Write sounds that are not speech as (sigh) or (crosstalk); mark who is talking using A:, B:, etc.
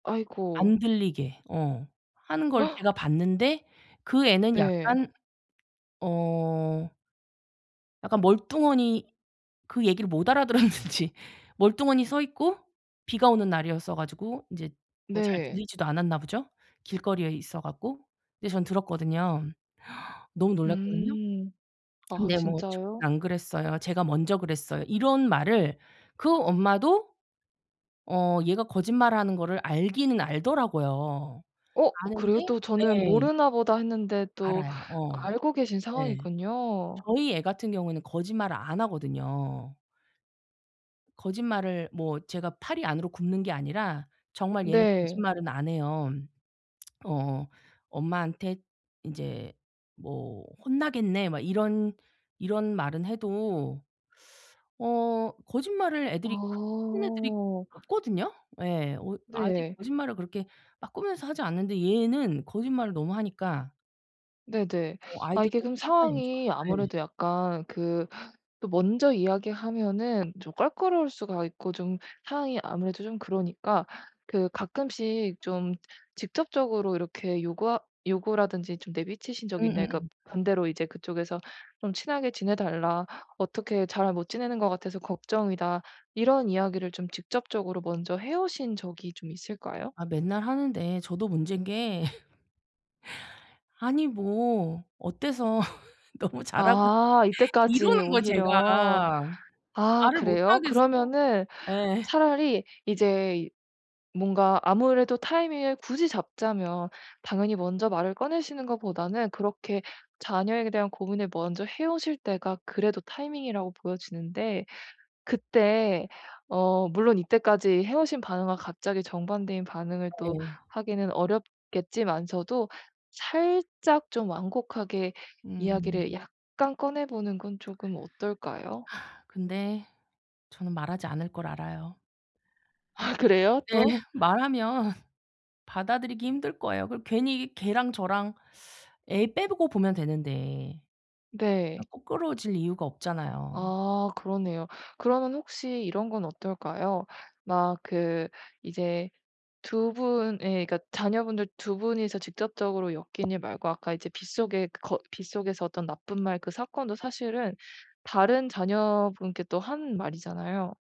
A: 아이고.
B: 안 들리게 어 하는 걸
A: (gasps)
B: 제가 봤는데 그 애는
A: 네.
B: 약간 어 약간 멀뚱하니 그 얘기를 못 알아들었는지 멀뚱하니 서 있고 비가 오는 날이었어 가지고 인제 뭐 잘
A: 네.
B: 들리지도 않았나 보죠? 길거리에 있어 갖고. 근데 저는 들었거든요. 너무 놀랐거든요.
A: 음. 아
B: 근데 뭐
A: 진짜요?
B: "저는 안 그랬어요. 쟤가 먼저 그랬어요." 이런 말을 그 엄마도 어 얘가 거짓말하는 거를 알기는 알더라고요.
A: 어 그래요?
B: 아는데
A: 또 저는
B: 예.
A: 모르나 보다 했는데 또
B: 알아요. 어.
A: 알고 계신
B: 네.
A: 상황이군요.
B: 저희 애 같은 경우에는 거짓말을 안 하거든요. 거짓말을 뭐 제가 팔이 안으로 굽는 게 아니라 정말 얘는
A: 네.
B: 거짓말은 안 해요. 어 (smacks lips) "엄마한테 인제 뭐 혼나겠네." 막 이런, 이런 말은 해도 어 거짓말을 애들이 그렇게 하는 애들이
A: 아.
B: 없거든요? 예. 어 아직
A: 네.
B: 거짓말을 그렇게 막 꾸며서 하지 않는데 얘는 거짓말을 너무 하니까.
A: 네네.
B: 어
A: 아
B: 아이들은
A: 이게 그럼
B: 상관 있죠
A: 상황이
B: 네.
A: 아무래도 약간 그 또 먼저 이야기하면은 좀 껄끄러울 수가 있고 좀 상황이 아무래도 좀 그러니까 그 가끔씩 좀 직접적으로 이렇게 요구하 요구라든지 좀 내비치신 적이 있나요? 그러니까
B: 음음음.
A: 반대로 인제 그쪽에서 좀 "친하게 지내달라. 어떻게 잘 못 지내는 것 같아서 걱정이다." 이런 이야기를 좀 직접적으로 먼저 해 오신 적이 좀 있을까요?
B: 아 맨날 하는데 저도 문제인 게. (laughs) 아니 뭐 어때서 (laughs) 너무 잘하는
A: 아
B: 이러는
A: 이때까지
B: 거 제가.
A: 오히려. 아
B: 말을 못
A: 그래요?
B: 하겠어.
A: 그러면은
B: 예.
A: 차라리 이제 뭔가 아무래도 타이밍을 굳이 잡자면 당연히 먼저 말을 꺼내시는 것보다는 그렇게 자녀에 대한 고민을 먼저 해 오실 때가 그래도 타이밍이라고 보여지는데 그때 어 물론 이때까지 해 오신 반응과 갑자기 정반대인 반응을 또
B: 예.
A: 하기는 어렵겠지만서도 살짝 좀 완곡하게
B: 음.
A: 이야기를 약간 꺼내보는 건 쪼금 어떨까요?
B: 근데 저는 말하지 않을 걸 알아요.
A: 하 그래요?
B: 네.
A: 또?
B: 말하면 받아들이기 힘들 거예요. 그리고 괜히 걔랑 저랑 애 빼고 보면 되는데.
A: 네.
B: 어 껄끄러워질 이유가 없잖아요.
A: 아 그러네요. 그러면 혹시 이런 건 어떨까요? 막 그 이제 2 분의 그러니까 자녀분들 2 분이서 직접적으로 엮인 일 말고 아까 이제 빗속에 거 빗속에서 어떤 나쁜 말 그 사건도 사실은 다른 자녀분께 또 한 말이잖아요.